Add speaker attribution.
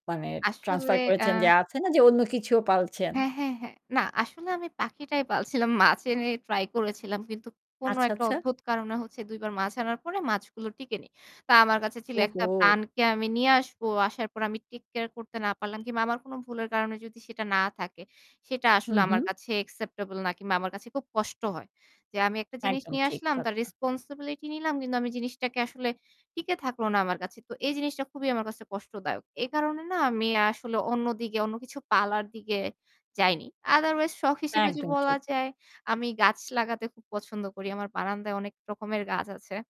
Speaker 1: মানে
Speaker 2: আসলে
Speaker 1: ট্রান্সফার
Speaker 2: আ
Speaker 1: করেছেন যে আছে না যে অন্য কিছুও পালছেন।
Speaker 2: হ্যাঁ, হ্যাঁ, হ্যাঁ। না আসলে আমি পাখিটাই পালছিলাম। মাছ এনে ট্রাই করেছিলাম। কিন্তু কোন
Speaker 1: আচ্ছা,
Speaker 2: একটা
Speaker 1: আচ্ছা।
Speaker 2: অদ্ভুত কারণে হচ্ছে ২ বার মাছ আনার পরে মাছগুলো টিকে নিই। তা আমার কাছে ছিল একটা
Speaker 1: ওহো।
Speaker 2: প্রাণকে আমি নিয়ে আসবো। আসার পর আমি take care করতে না পারলাম কিংবা আমার কোন ভুলের কারণে যদি সেটা না থাকে সেটা
Speaker 1: হু,
Speaker 2: আসলে আমার
Speaker 1: হু
Speaker 2: কাছে অ্যাকসেপ্টেবল না কিংবা আমার কাছে খুব কষ্ট হয়। যে আমি একটা জিনিস
Speaker 1: একদম
Speaker 2: নিয়ে
Speaker 1: ঠিক
Speaker 2: আসলাম তার
Speaker 1: কথা।
Speaker 2: রেসপনসিবিলিটি নিলাম, কিন্তু আমি জিনিসটাকে আসলে টিকে থাকলো না আমার কাছে। তো এই জিনিসটা খুবই আমার কাছে কষ্টদায়ক। এই কারণে না আমি আসলে অন্যদিকে অন্য কিছু পালার দিকে যাইনি। Otherwise শখ হিসেবে যদি
Speaker 1: একদম
Speaker 2: বলা
Speaker 1: ঠিক।
Speaker 2: যায় আমি গাছ লাগাতে খুব পছন্দ করি। আমার বারান্দায় অনেক রকমের গাছ আছে।